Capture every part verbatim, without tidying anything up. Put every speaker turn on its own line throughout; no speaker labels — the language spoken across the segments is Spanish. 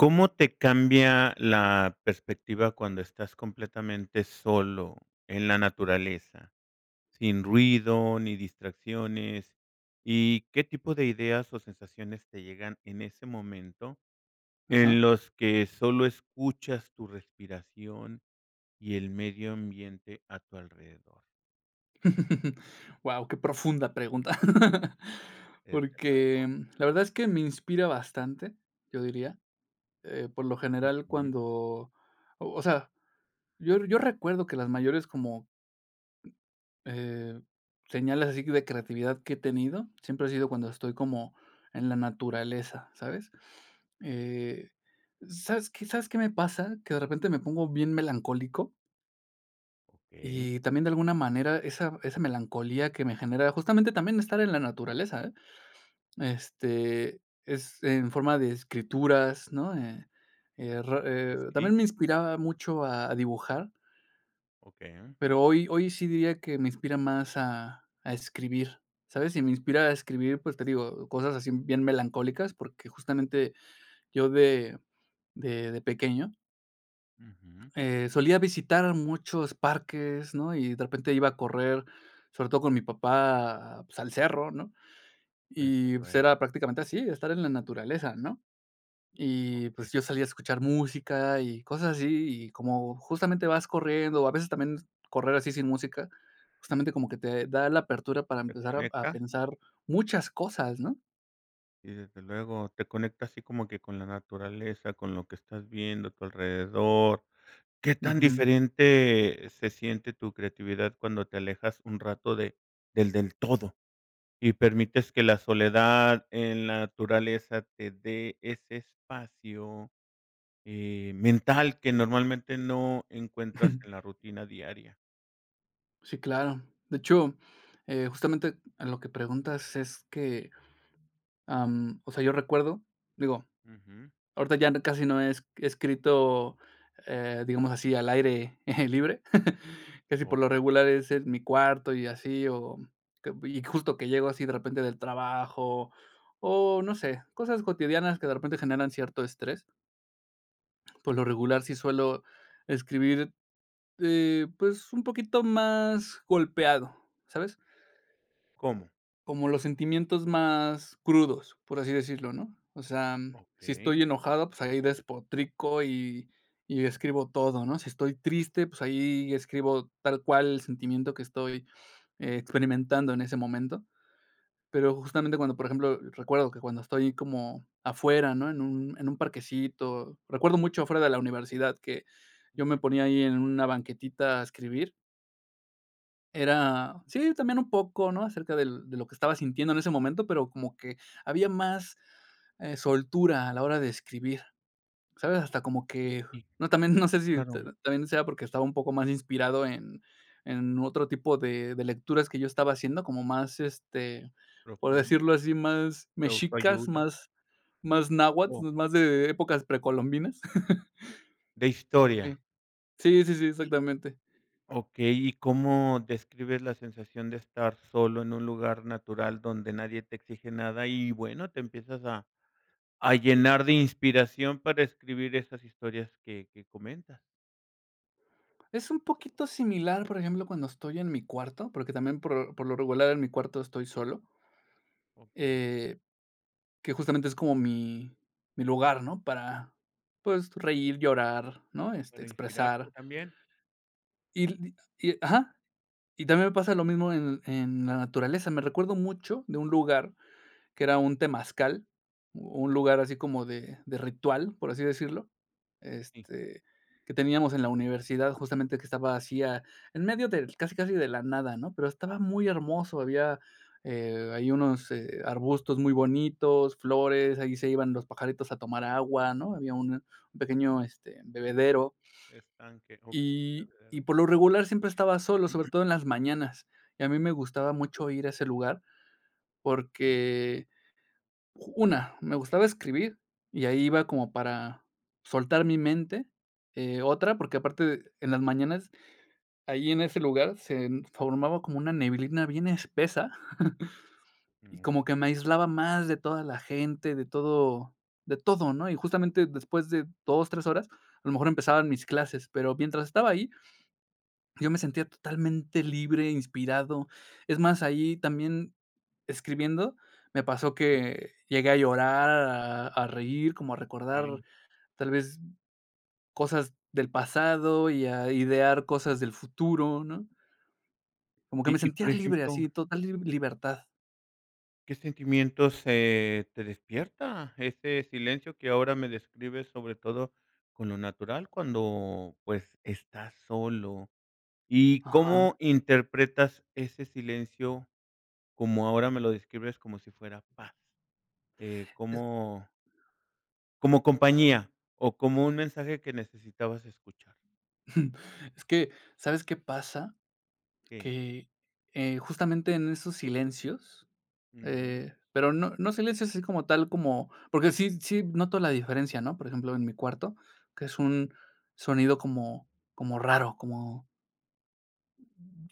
¿Cómo te cambia la perspectiva, cuando estás completamente solo, en la naturaleza?, sin ruido, ni distracciones, y, ¿qué tipo de ideas o sensaciones, te llegan en ese momento,
Ajá.
en los que sólo escuchas tu respiración, y el medio ambiente a tu alrededor?
Guau, qué profunda pregunta.
Desde
Porque,
luego.
la verdad es que me inspira bastante, yo diría, eh, por lo general,
Ujú.
cuando o o sea, yo yo recuerdo que, las mayores como, eh, señales, así de creatividad que he tenido, siempre ha sido cuando estoy como en la naturaleza, ¿sabes?, eh, ¿sabes qué sabes qué me pasa?, que de repente me pongo bien melancólico.
Okey.
Y también, de alguna manera, esa esa melancolía que me genera, justamente también estar en la naturaleza, ¿eh? Este, es en forma de escrituras, ¿no?, eh eh ra
¿Y qué
eh, también me
escribe?
inspiraba mucho a a dibujar.
Okey.
Pero hoy hoy, sí diría que me inspira más a a escribir, ¿sabes?, y me inspira a escribir, pues te digo, cosas así, bien melancólicas, porque justamente, yo de de de pequeño
Ujú.
eh, solía visitar muchos parques, ¿no?, y de repente iba a correr, sobre todo con mi papá, pues al cerro ¿no?,
Desde
y pues
luego.
era prácticamente así, estar en la naturaleza ¿no?,
O
y,
qué.
pues yo salía a escuchar música y, cosas así, y como justamente vas corriendo, o a veces también, correr así sin música, justamente, como que te da la apertura para
¿Te
empezar a a
conecta?
pensar, muchas cosas ¿no?
Y desde luego, te conecta así como que con la naturaleza, con lo que estás viendo a tu alrededor. ¿Qué tan
Ujú.
diferente se siente tu creatividad cuando te alejas un rato de del del todo? Y permites que la soledad en la naturaleza te dé ese espacio, eh, ¡mental! que normalmente no encuentras en la rutina diaria.
Sí, claro. De hecho, eh, justamente en lo que preguntas es que, am, o sea, yo recuerdo, digo
Ujú.
ahorita ya casi no es he escrito, eh, digamos, así al aire libre. Casi por lo
Okey.
regular es en mi cuarto y así o, cop y justo que llego así de repente del trabajo o no sé, cosas cotidianas que de repente generan cierto estrés. Por lo regular sí suelo escribir, eh, pues un poquito más golpeado, ¿sabes?
¿Cómo?
Como los sentimientos más crudos, por así decirlo, ¿no? O sea, sí, estoy
Okey.
enojado, pues, ahí despotrico y y describo todo, ¿no? Si estoy triste, pues ahí escribo tal cual el sentimiento que estoy experimentando en ese momento. Pero justamente cuando, por ejemplo, recuerdo que cuando estoy como afuera, ¿no? En un en un parquecito. Recuerdo mucho afuera de la universidad que yo
Ujú.
me ponía ahí en una banquetita a escribir. Era, sí, también un poco, ¿no?, acerca del de lo que estaba sintiendo en ese momento, pero como que había más, eh, soltura a la hora de escribir, ¿sabes? Hasta como que
Okey.
no también, no sé si
Claro.
ta también sea porque estaba un poco más inspirado en en otro tipo de de lecturas que yo estaba haciendo, como más, este, por
Profunda.
decirlo así, más
De
mexicas,
autoayuda.
más más
No.
náhuatl, más de épocas precolombinas.
De historia.
Sí. Sí, sí, sí,
Sí.
exactamente.
Okey. ¿Y cómo describes la sensación de estar solo en un lugar natural donde nadie te exige nada? Y bueno, te empiezas a a llenar de inspiración para escribir esas historias que que comentas.
Es un poquito similar, por ejemplo, cuando estoy en mi cuarto, porque también por por lo regular, en mi cuarto, estoy solo.
Okey.
Eh, que, justamente, es como mi mi lugar, ¿no?, para, pues, reír, llorar, ¿no?, este,
Para inspirarte
expresar.
también.
[unintelligible] y ajá. Y también me pasa lo mismo en en la naturaleza, me recuerda mucho a un lugar que era temazcal, u un lugar así como de ritual, por así decirlo,
Sí.
este, que teníamos en la universidad, justamente que estaba así, ah, en medio del, casi, casi de la nada, ¿no? Pero estaba muy hermoso, había, eh, ahí unos, eh, arbustos muy bonitos, flores, eh, ahí se iban los pajaritos a tomar agua, ¿no?, había un un pequeño, este, bebedero.
Estanque. Okey,
Y y,
bebedero.
por lo regular, siempre estaba solo, sobre todo en las mañanas. Y a mí me gustaba mucho ir a ese lugar
Ujú.
porque, una, me gustaba escribir y ahí iba como para soltar mi mente. Eh, otra, porque aparte, en las mañanas, ahí en ese lugar, se formaba como una neblina bien espesa y como que me
Okey.
aislaba más de toda la gente, de todo de todo, ¿no? Y, justamente, después de dos tres horas, a lo mejor empezaban mis clases, pero mientras estaba ahí yo me sentía totalmente libre, inspirado. Es más, ahí también escribiendo me pasó que llegué a llorar, a a reír, como a recordar,
Okey.
tal vez, cosas del pasado y a idear cosas del futuro, ¿no? Como que
Y
me
y, por
sentía libre
ejemplo
así, total li libertad.
¿Qué sentimientos, eh, te despierta ese silencio que ahora me describes, sobre todo con lo natural cuando, pues, estás solo? ¿Y cómo
Ajá.
interpretas ese silencio, como ahora me lo describes, como si fuera paz? Eh, como Como compañía o como un mensaje que necesitabas escuchar.
Es que, ¿sabes qué pasa?
Qué.
Que, eh, justamente, en esos silencios,
Ujú.
eh, pero no no silencios así como tal como, porque sí, sí noto la diferencia, ¿no? Por ejemplo, en mi cuarto, que es un sonido como como raro, como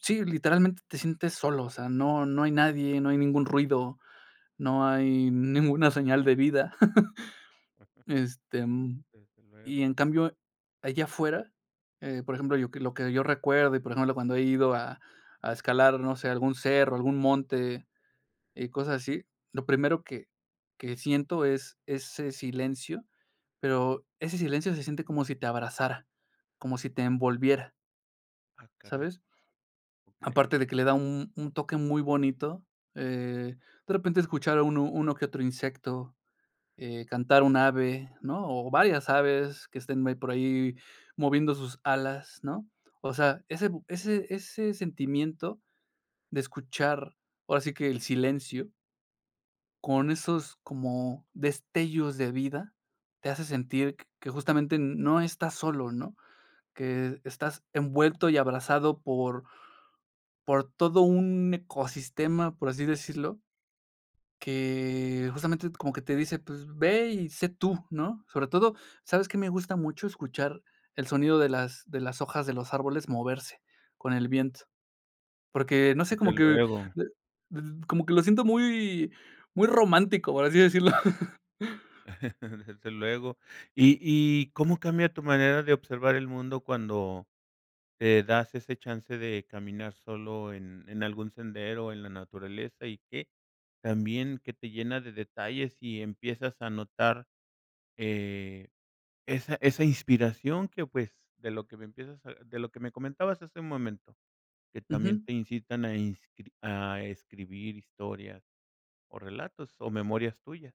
sí, literalmente, te sientes solo, o sea, no no hay nadie, no hay ningún ruido, no hay ninguna señal de vida,
Ajá.
este, y mm,
Desde luego.
en cambio, allá afuera, eh, por ejemplo, yo que lo que yo recuerdo y, por ejemplo, cuando he ido a a escalar, no sé, algún cerro, algún monte y cosas así, lo primero que que siento es ese silencio, pero ese silencio se siente como si te abrazara, como si te envolviera.
Ah caray.
¿Sabes?
Okey.
Aparte de que le da un un toque muy bonito, eh, de repente escuchar a uno uno que otro insecto, eh, cantar un ave, ¿no?, o varias aves que estén me por ahí moviendo sus alas, ¿no? O sea, ese bu ese ese sentimiento de escuchar, ahora sí que el silencio con
Ujú.
esos como destellos de vida, te hace sentir q que justamente n no estás solo, ¿no?, que estás envuelto y abrazado por por todo un ecosistema, por así decirlo. Que
Okey.
justamente t como que te dice, pues ve y sé tú, ¿no?, sobre todo, ¿sabes qué me gusta mucho? Escuchar el sonido de las de las hojas de los árboles moverse con el viento, porque no sé,
Desde
como que
luego.
d d como que lo siento muy, muy romántico, por así decirlo.
Desde luego, y y ¿cómo cambia tu manera de observar el mundo cuando te das ese chance de caminar solo en en algún sendero o en la naturaleza? Y que también que te llena de detalles y empiezas a notar, eh, esa esa inspiración que, pues, de lo que me empiezas a de lo que me comentabas hace un momento, que también
Ujú.
te incitan a inscrib a escribir historias o relatos o memorias tuyas.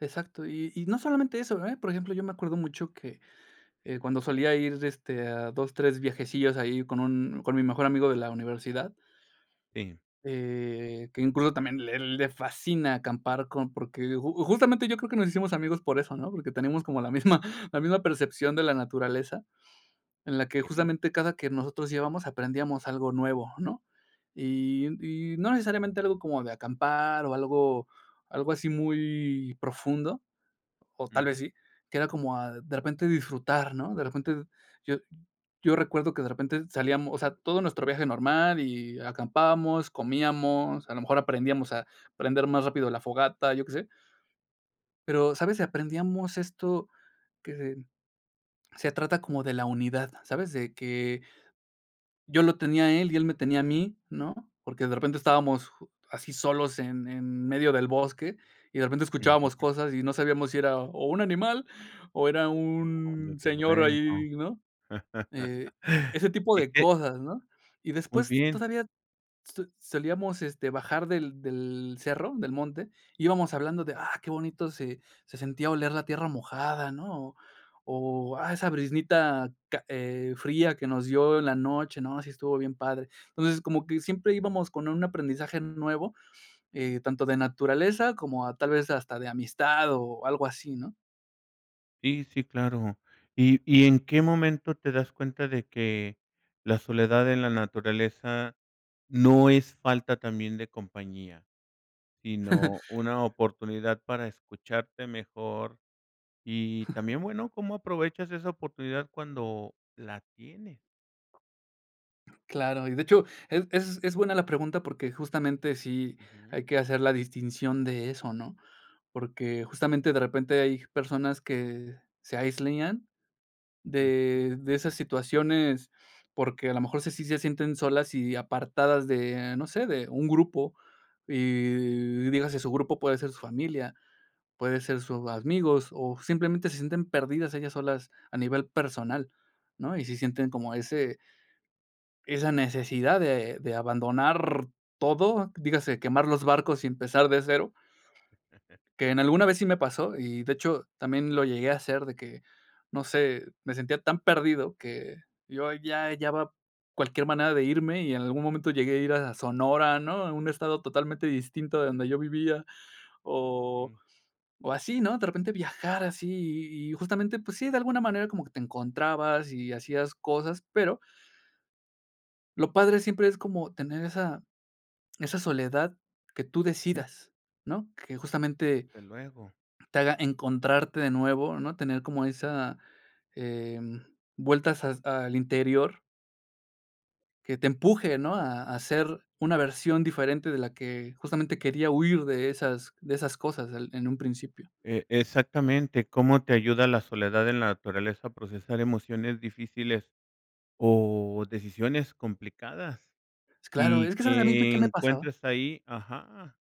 Exacto y y no solamente eso, eh, por ejemplo, yo me acuerdo mucho que, eh, cuando solía ir de este, a dos, tres viajecillos ahí con un con mi mejor amigo de la universidad.
Sí.
Eh, que incluso también le le fascina acampar con porque just justamente yo creo que nos hicimos amigos por eso, ¿no?, porque tenemos como la misma la misma percepción de la naturaleza, en la que
Okey.
justamente cada que nosotros íbamos, aprendíamos algo nuevo, ¿no?, y y no necesariamente algo como de acampar o algo, algo así muy profundo, o tal vez
Ujú.
sí, que era como a de repente disfrutar, ¿no?, de repente, yo yo recuerdo que de repente salíamos o sea, todo nuestro viaje normal y, acampábamos, comíamos, a lo mejor aprendíamos a prender más rápido la fogata, yo que sé. Pero, ¿sabes?, aprendíamos esto que, se trata como de la unidad, ¿sabes?, de que, yo lo tenía a él y él me tenía a mí, ¿no?, porque de repente estábamos así solos en en medio del bosque y de repente escuchábamos
Ujú.
cosas y no sabíamos si era o un animal o era
Oh,
un
desde
señor
luego,
ahí, ¿no?, eh, ese tipo
y
de
que.
cosas, ¿no?, y
Muy
después
bien.
todavía so solíamos, este, bajar del del cerro, del monte, íbamos hablando de: "Ah, qué bonito se se sentía oler la tierra mojada", ¿no?, o: "Ah, esa briznita ca eh fría que nos dio en la noche, ¿no?, sí estuvo bien padre", entonces como que siempre íbamos con un aprendizaje nuevo, eh, tanto de naturaleza como a tal vez hasta de amistad o algo así, ¿no?
Sí, sí, claro. ¿Y y en qué momento te das cuenta de que la soledad en la naturaleza no es falta también de compañía?, sino una oportunidad para escucharte mejor y también, bueno, ¿cómo aprovechas esa oportunidad cuando la tienes?
Claro, y de hecho es es es buena la pregunta porque justamente sí
Ujú.
hay que hacer la distinción de eso, ¿no?, porque justamente de repente hay personas que se aislian
Ujú.
de de esas situaciones, porque a lo mejor sí sí sí se sienten solas y apartadas de, no sé, de un grupo, y dígase, su grupo puede ser su familia, puede ser sus amigos, o simplemente se sienten perdidas ellas solas a nivel personal, ¿no?, y sí sienten como ese esa necesidad de de abandonar todo, dígase, quemar los barcos y empezar de cero. Que en alguna vez sí me pasó, y de hecho también lo llegué a hacer, de que, no sé, me sentía tan perdido que yo ya hallaba cualquier manera de irme y en algún momento llegué a ir a Sonora, ¿no?, a un estado totalmente distinto de donde yo vivía. O
Mm.
o así, ¿no? De repente viajar así y y justamente, pues sí, de alguna manera como que te encontrabas y hacías cosas, pero lo padre siempre es como tener esa esa soledad que tú
Ujú.
decidas, ¿no?, que justamente
Desde luego.
te haga encontrarte de nuevo, ¿no?, tener como esa em, vueltas as al interior. Que te empuje, ¿no?, a a ser una versión diferente de la que justamente quería huir de esas de esas cosas el en un principio.
E exactamente, ¿cómo te ayuda la soledad en la naturaleza a procesar emociones difíciles o decisiones complicadas?
Pues claro,
Y
es que ¿sabes a mí fue
que
qué me pasaba?
encuentres ahí Ajá.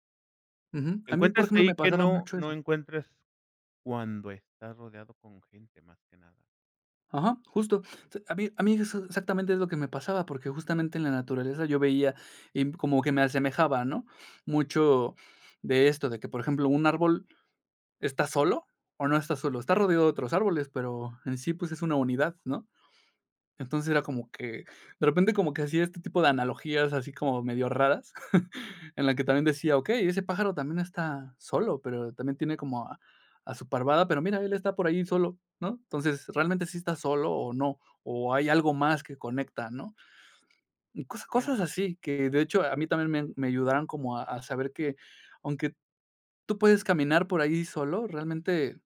Ujú. A mí, por
Encuentras
ejemplo,
ahí
me
que
pasaba
no
mucho
no
eso.
encuentres cuando estás rodeado con gente, más que nada.
Ajá, justo. A mí a mí eso exactamente es lo que me pasaba, porque justamente en la naturaleza yo veía y como que me asemejaba, ¿no? Mucho de esto, de que, por ejemplo, un árbol, ¿está solo o no está solo?, está
Ujú.
rodeado de otros árboles, pero en sí, pues, es una unidad, ¿no? Entonces, era como que, de repente, como que hacía este tipo de analogías así como medio raras, en la que también decía: "Okey, ese pájaro también está solo, pero también tiene como a a su parvada, pero mira, él está por ahí solo", ¿no? Entonces, realmente, ¿sí está solo o no, o hay algo más que conecta, no? Mm, cos cosas
[unintelligible]
así que, de hecho, a mí también me a me ayudaron como a a saber que aunque tú puedes caminar por ahí solo, realmente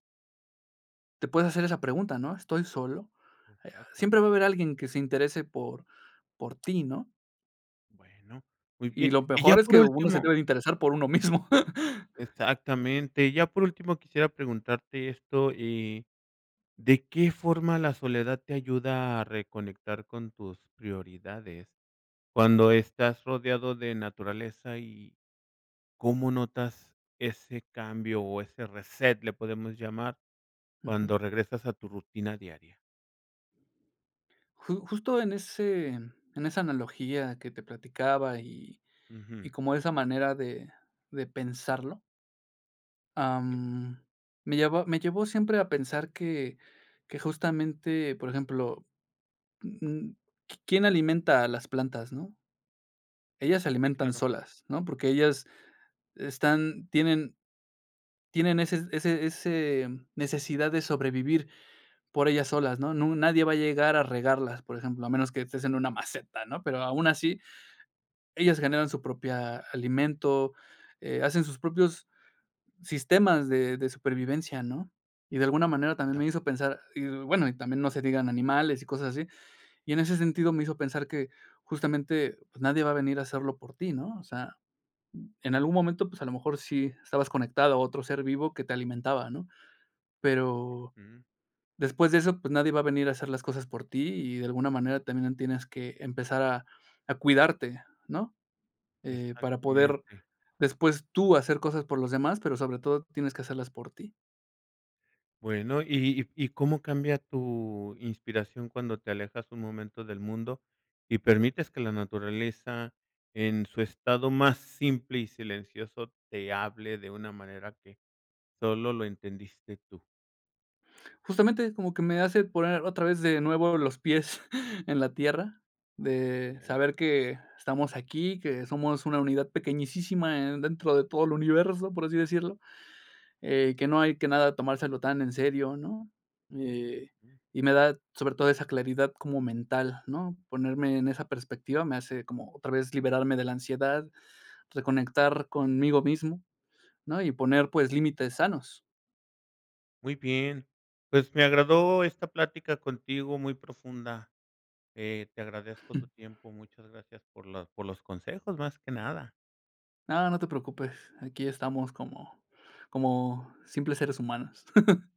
te puedes hacer esa pregunta, ¿no?: "¿Estoy solo?". Eh,
Exactamen
siempre va a haber alguien que se interese por por ti, ¿no?
Bueno, muy
Y
bien.
lo
Y ya
mejor es
por
que uno se
último
debe de interesar por uno mismo.
Exactamente, y ya por último quisiera preguntarte esto, eh, ¿de qué forma la soledad te ayuda a reconectar con tus prioridades cuando estás rodeado de naturaleza y cómo notas ese cambio o ese reset, le podemos llamar,
Ujú.
cuando regresas a tu rutina diaria?
Ju justo en ese, en esa analogía que te platicaba y y
Ujú.
y como esa manera de de pensarlo ah, mm, me llevó me llevó siempre a pensar que que justamente, por ejemplo, mm, qui quién alimenta a las plantas, ¿no? Ellas se
Sí,
alimentan
claro.
solas, ¿no? Porque ellas están tienen tienen ese ese ese necesidad de sobrevivir por ellas solas, ¿no? No nu nadie va a llegar a regarlas, por ejemplo, a menos que estés en una maceta, ¿no? Pero aun así ellas generan su propia alimento, eh, hacen sus propios sistemas de de supervivencia, ¿no? Y de alguna
Sí,
manera también me
claro.
hizo pensar, y bueno, y también no se diga en animales y cosas así, y en ese sentido me hizo pensar que justamente, pues, nadie va a venir a hacerlo por ti, ¿no? O sea, en algún momento, pues a lo mejor sí estabas conectado a otro ser vivo que te alimentaba, ¿no? Pero,
Ujú.
después de eso, pues nadie va a venir a hacer las cosas por ti y de alguna manera también tienes que empezar a a cuidarte, ¿no? Eh, para poder
Exactamente.
después tú hacer cosas por los demás, pero sobre todo tienes que hacerlas por ti.
Bueno, ¿y y y cómo cambia tu inspiración cuando te alejas un momento del mundo y permites que la naturaleza en su estado más simple y silencioso te hable de una manera que solo lo entendiste tú?
Justamente, como que me hace poner otra vez de nuevo los pies en la tierra, de
Bien.
saber que estamos aquí, que somos una unidad pequeñísisima en dentro de todo el universo, por así decirlo, eh, que no hay que nada tomárselo tan en serio, ¿no? Eh, y me da, sobre todo esa claridad como mental, ¿no? Ponerme en esa perspectiva me hace como otra vez liberarme de la ansiedad, reconectar conmigo mismo, ¿no? Y poner, pues, límites sanos.
Muy bien, pues me agradó esta plática contigo, muy profunda. Eh, te agradezco tu tiempo, muchas gracias por la por los consejos, más que nada.
Ah, no te preocupes, aquí estamos como como simples seres humanos.